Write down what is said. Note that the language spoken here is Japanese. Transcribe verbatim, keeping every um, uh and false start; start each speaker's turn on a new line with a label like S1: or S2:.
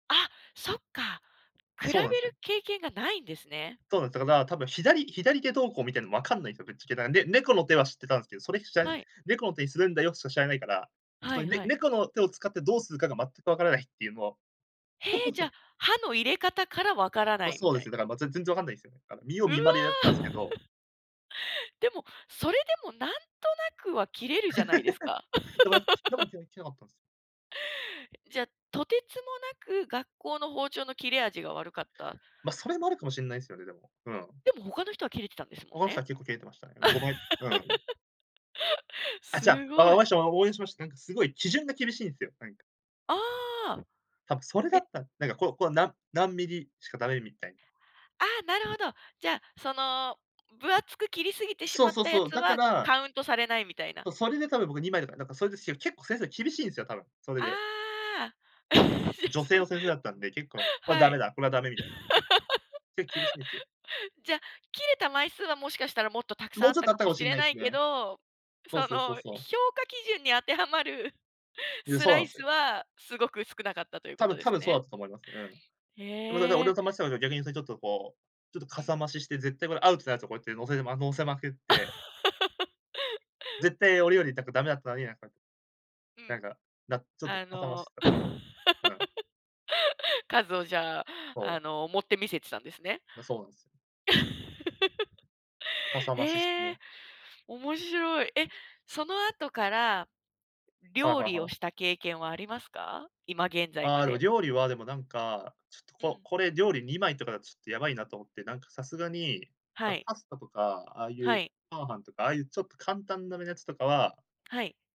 S1: あ、そっか。比べる
S2: そうなんすよ。
S1: 経験がないんですね。
S2: そうなんで、だかだ、多分左、左手どうこう見てるのわかんないんすよ。ぶっちゃけ。なんで、猫の手は知ってたんすけど、それふちゃい、
S1: はい。
S2: 猫の手にするんだよしか知らないから、
S1: は
S2: その
S1: い
S2: ね、
S1: はい。
S2: 猫の手を使ってどうするかが全くわからないっていうも。
S1: へえ、じゃ、刃の入れ方から分からな
S2: ま、
S1: いみ
S2: そうで
S1: た
S2: す
S1: い
S2: よ、だ
S1: な。
S2: からま、全然わかんないすよ。見よう
S1: うわ。
S2: 見まねでやってたんすけど
S1: でも、それでもなんとなくは切れるじゃないですか。
S2: だから、切っても 切れなかったんすよ。
S1: じゃ、とてつもなく、学校の包丁の切れ味が悪かった。
S2: まそれもあるかもしんないすよね、でも、うん。
S1: でも他の人は切れてたんですも
S2: 他
S1: ん
S2: の人
S1: ね。
S2: は、結構切れてましたね。5枚、うん。あ、ちゃ、
S1: す
S2: わ、
S1: ご
S2: わ
S1: い。
S2: わしわ、応援しました。なんかすごい、基準が厳しいんすよ。なんか。
S1: ああ。
S2: 多分、それ
S1: え
S2: だっ
S1: え。
S2: たら、なんか、こうこう、なん何ミリしか駄目みたいな。
S1: ああ、なるほど。じゃあ、その、分厚く切りすぎてし
S2: そう
S1: まっ
S2: そう
S1: たや
S2: そう、
S1: つ
S2: だか
S1: は、
S2: ら
S1: カウントされないみたいな。
S2: そう、それでたぶん僕にまいとか、なんかそれですよ、結構先生厳しいんすよ、多分、それで。
S1: ああ。
S2: 女
S1: そ
S2: 性
S1: の。
S2: の先生だったんで、結構、これは
S1: は
S2: 駄目
S1: い。
S2: だ、これは駄目みたいな、けけ結構厳しいんすよ。
S1: じゃ、切れた枚数はもしかしたらもっとたくさ
S2: も
S1: んあ
S2: う
S1: っ
S2: ちょっ
S1: た
S2: とあっ
S1: か
S2: たか
S1: も
S2: も
S1: し
S2: しん
S1: れ
S2: ない
S1: な
S2: す
S1: いけ
S2: ね。
S1: ど、
S2: そう
S1: そ
S2: そうそ
S1: の
S2: うそう。
S1: 評価基準に当てはまる
S2: いや、
S1: ス
S2: そう
S1: ラ
S2: なん
S1: イ
S2: す
S1: ス
S2: よ。
S1: は、すごく少なかったというこ
S2: 多
S1: と
S2: 分
S1: で
S2: 多
S1: す
S2: 分そうだ
S1: ね。
S2: ったと思います。うん。でも 俺
S1: へえ。
S2: の友達なんか、逆に ちょっとこう、ちょっと
S1: う
S2: か
S1: ん。
S2: さ増しして絶対これアウトなやつこうやって乗せて乗せまくって絶対 俺よりなんか駄目だったのに、なんか
S1: う
S2: な
S1: ん。
S2: んかな、ちょっと
S1: あ
S2: かさ増し
S1: の、
S2: してた。うん。
S1: 数をじゃあ、
S2: そ
S1: あ
S2: う。
S1: の盛って見せてたんですね。
S2: う、そうなんす。かさ増しして
S1: へ
S2: ね。
S1: え。面白い。え、その後から、
S2: はい
S1: 料
S2: はい
S1: 理
S2: は
S1: を
S2: い。
S1: した経験はありますか？今現在
S2: あ
S1: ま
S2: あ、でも
S1: で。
S2: 料理は、でもなんか、ちょっと
S1: う
S2: こ
S1: ん。
S2: これ料理にまいとかだとちょっとやばいなと思って、なんかさすがに、
S1: は
S2: あ、
S1: い。
S2: パスタとか、ああい
S1: は
S2: うチ
S1: い。
S2: ャーハンとか、ああいうちょっと簡単なやつとかは
S1: はい。